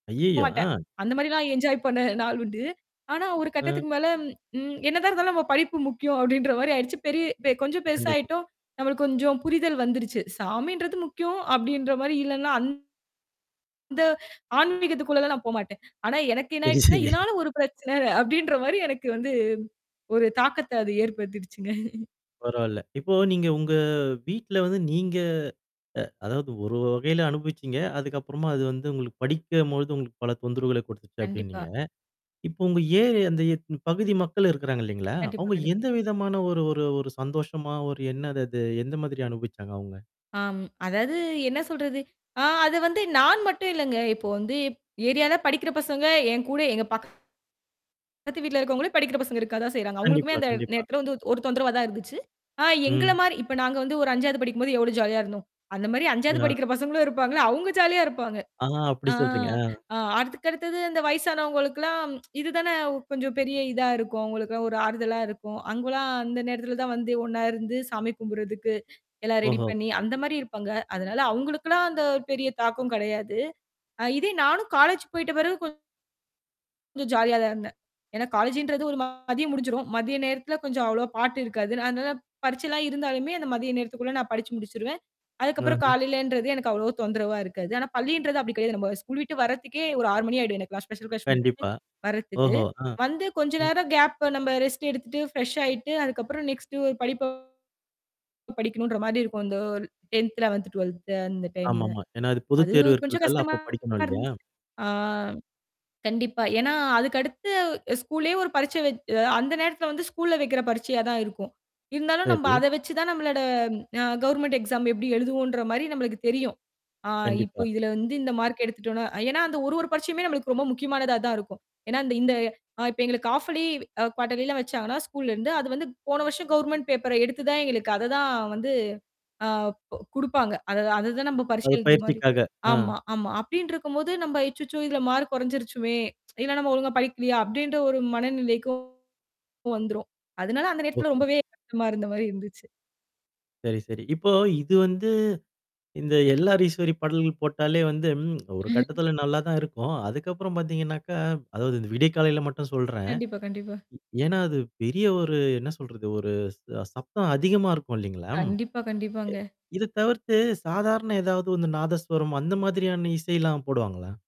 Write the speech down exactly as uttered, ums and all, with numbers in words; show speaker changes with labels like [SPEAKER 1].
[SPEAKER 1] போ
[SPEAKER 2] ஐயையோ!
[SPEAKER 1] மாட்டேன்.
[SPEAKER 2] ஆ.
[SPEAKER 1] அந்த மாரிலாம் என்ஜாய் பண்ண நாள் உண்டு. ஆனா, ஒரு
[SPEAKER 2] ஆ.
[SPEAKER 1] கட்டத்துக்கு மேல, ம் என்னதான் இருந்தாலும் நம்ம படிப்பு முக்கியம், அப்பிடின்ற மாரி ஆயிடுச்சு. பெரிய பெ கொஞ்சம்
[SPEAKER 2] கண்டிப்பா.
[SPEAKER 1] பெருசாயிட்டோம். நம்மளுக்கு கொஞ்சம் புரிதல் வந்துருச்சு. சாமின்றது முக்கியம், அப்பிடின்ற மாரி. இல்லனா, அந் த ஆன்மீகத்துக்குள்ளலா நான் போமாட்டேன். ஆனா, எனக்கு என்ன
[SPEAKER 2] சரி,
[SPEAKER 1] ஆயிடுச்சுன்னா,
[SPEAKER 2] சரி.
[SPEAKER 1] இதனால, ஒரு பிரச்சனை. அப்பிடின்ற மாரி, எனக்கு வந்து ஒரு தாக்கத்த அது ஏற்படுத்திடுச்சுங்க.
[SPEAKER 2] பரவாயில்ல. இப்போ
[SPEAKER 1] ம்.
[SPEAKER 2] நீங்க உங்க வீட்டுல வந்து நீங்க, அ அதாவது ஒரு வ வகையில அனுபவிச்சீங்க. அதுக்கப்புறமா அது வந்து உங்களுக்குப் படிக்கம்போது உங்களுக்குப் பல தொந்தரவுகளக் குடுத்துச்சு,
[SPEAKER 1] கண்டிப்பா.
[SPEAKER 2] அப்பிடினீங்க. இப்போ, உங்க ஏரியா அந்த எத்னு பகுதி மக்களு இருக்கறாங்க, இல்லீங்களா?
[SPEAKER 1] கண்டிப்பா,
[SPEAKER 2] அவங்க
[SPEAKER 1] கண்டிப்பா.
[SPEAKER 2] எந்த விதமான ஒரு ஒரு ஒரு சந்தோஷமா, ஒரு என்னது அது? எந்த மாதிரி அனுபவிச்சாங்க, அவங்க?
[SPEAKER 1] ஆம். அதாவது என்ன சொல்றது? ஆ. அதை வந்து நான் மட்டும் இல்லைங்க. இப்போ வந்து ஏரியால படிக்கிற பசங்க, என் கூட எங்க பக்கத்து வீட்டுல இருக்கிறவங்களே, படிக்கிற பசங்க இருக்கதான் செய்றாங்க. அவங்களுக்குமே
[SPEAKER 2] கண்டிப்பா,
[SPEAKER 1] அந்த
[SPEAKER 2] கண்டிப்பா.
[SPEAKER 1] நேரத்துலலாம் வந்து ஒரு தொந்தரவா தான் இருந்துச்சு. ஆ எங்கள
[SPEAKER 2] ம்.
[SPEAKER 1] மாரி இப்போ, நாங்க வந்து ஒரு அஞ்சாவது படிக்கும்போது எவ்வளோ ஜாலியா இருந்தோம். அந்த மாரி அஞ்சாவது
[SPEAKER 2] ம். ஆ.
[SPEAKER 1] படிக்கிற பசங்களும் இருப்பாங்கல்ல, அவுங்க ஜாலியா இருப்பாங்க.
[SPEAKER 2] ஆ. அப்பிடி
[SPEAKER 1] ஆ.
[SPEAKER 2] சொல்றீங்க. ஆ.
[SPEAKER 1] ஆ அதுக்கடுத்தது அந்த வயசானவுங்களுக்குலாம் இதுதானே கொஞ்சம் பெரிய இதா இருக்கும், அவுங்களுக்குலாம் ஒரு ஆறுதலா இருக்கும். அவுங்கலாம், அந்த நேரத்துல தான் வந்து ஒண்ணா இருந்து சாமி கும்பிடுறதுக்கு எல்லாம் ரெடி
[SPEAKER 2] ஓஹோ!
[SPEAKER 1] பண்ணி அந்த மாரி இருப்பாங்க. அதனால, அவங்களுக்குலாம் அந்த பெரிய தாக்கம் கிடையாது. அ இதே நானும் காலேஜ் போய்ட்ட பிறகு கொஞ் சம் ஜாலியாதான் இருந்தேன். ஏன்னா, காலேஜ்ன்றது ஒரு ம மதியம் முடிஞ்சுரும். மதிய நேரத்துல கொஞ்சம் அவ்வளவா பாட்டு இருக்காது. அதனால, பரிட்சைலாம் இருந்தாலுமே, அந்த மதிய நேரத்துக்குள்ள நான் படிச்சு முடிச்சிருவேன். அதுக்கப்புறம்
[SPEAKER 2] ஆஹ.
[SPEAKER 1] காலையிலன்றது எனக்கு அவ்வளவு தொந்தரவா இருக்காது. ஆனா, பள்ளின்றது அப்பிடி கிடையாது. நம்ம ஸ்கூல் விட்டு வர்றதுக்கே ஒரு ஆறு மணி ஆயிடும் எனக்கு ஸ்பெசல் கிளாஸ் முடுச்சிட்டு
[SPEAKER 2] கண்டிப்பா.
[SPEAKER 1] வர்றதுக்கு.
[SPEAKER 2] ஓஹோ. ஆ.
[SPEAKER 1] வந்து கொஞ்ச
[SPEAKER 2] ம்.
[SPEAKER 1] நேரம் கேப்பு நம்ம ரெஸ்ட் எடுத்துட்டு, ஃப்ரெஷ் ஆயிட்டு அதுக்கப்புறம் நெக்ஸ்டு ஒரு படிப்ப படிக்கணும்ன்ற மாரி இருக்கும். அந்த டென்த், லெவென்த், டுவெல்த் அந்த டைம்ல.
[SPEAKER 2] ஆமாமா. ஏன்னா, அது பொதுத்தேர்வு
[SPEAKER 1] அதுவும் கொஞ்சம்
[SPEAKER 2] இருக்குறதால,
[SPEAKER 1] கஷ்டமா
[SPEAKER 2] அப்பப் படிக்கணும், இல்லையா?
[SPEAKER 1] இருந்துச்சு. ஆ கண்டிப்பா, ஏன்னா, அதுக்கடுத்து ஸ்கூல்லயே ஒரு பரிட்சை வச்சு அந்த நேரத்துல வந்து ஸ்கூல்ல வைக்கிற பரிட்சையா தான் இருக்கும். இருந்தாலும், நம்ப
[SPEAKER 2] சரி.
[SPEAKER 1] அதை வச்சு தான் நம்மளோட அ கவர்மென்ட் எக்ஸாம் எப்பிடி எழுதுவோம்ன்ற மாரி நம்மளுக்கு தெரியும். ஆ இப்போ,
[SPEAKER 2] கண்டிப்பா.
[SPEAKER 1] இதுல வந்து இந்த மார்க் எடுத்துட்டோம்னா ஏன்னா, அந்த ஒரு, ஒரு பரிட்சையுமே நம்மளுக்கு ரொம்ப முக்கியமானதா தான் இருக்கும். ஏன்னா இந்த இப்ப, எங்களுக்கு ஹால்ஃப் இயர்லி, குவாட்டர்லி எல்லாம் வச்சாங்கன்னா, ஸ்கூல்ல இருந்து. அது வந்து போன வருஷம் கவர்மென்ட் பேப்பர் எடுத்து தான் எங்களுக்கு அதை தான் வந்து ஆ கு குடுப்பாங்க. அதை, அதை தான் நம்ம பரிட்சை
[SPEAKER 2] அது
[SPEAKER 1] எழுதுற மாரி.
[SPEAKER 2] பயிற்சிக்காக. ஆ.
[SPEAKER 1] ஆமா, ஆமா. அப்பிடீன்டிருக்கும்போது, நம்ம அச்சச்சோ! இதுல மார்க் குறைஞ்சிருச்சுமே! இல்ல, நம்ம ஒழுங்கா படிக்கலையா? அப்பிடின்ற ஒரு மனநிலைக்கும் வந்துருவோம். அதனால, அந்த நேரத்துல
[SPEAKER 2] ஓஹோ.
[SPEAKER 1] ரொம்பவே கஷ்டமா இருந்த மாரி இருந்துச்சு.
[SPEAKER 2] சரி, சரி. இப்போ இது வந்து, இந்த எல். ஆர். ஈஸ்வரி பாடல்கள் போட்டாலே வந்து, ம். ஒரு கட்டத்துல நல்லாதான் இருக்கும். அதுக்கப்புறம் பார்த்தீங்கனாக்க, அதாவது, இந்த விடியக்காலைல மட்டும் சொல்றேன்.
[SPEAKER 1] கண்டிப்பா, கண்டிப்பா.
[SPEAKER 2] ஏன்னா, அது பெரிய ஒரு என்ன சொல்றது? ஒரு ச சத்தம் அதிகமா இருக்கும், இல்லீங்களா? இ
[SPEAKER 1] கண்டிப்பா, கண்டிப்பாங்க.
[SPEAKER 2] இது தவிர்த்து சாதாரண, ஏதாவது வந்து நாதஸ்வரம், அந்த மாதிரியான இசையெல்லாம் போடுவாங்களா?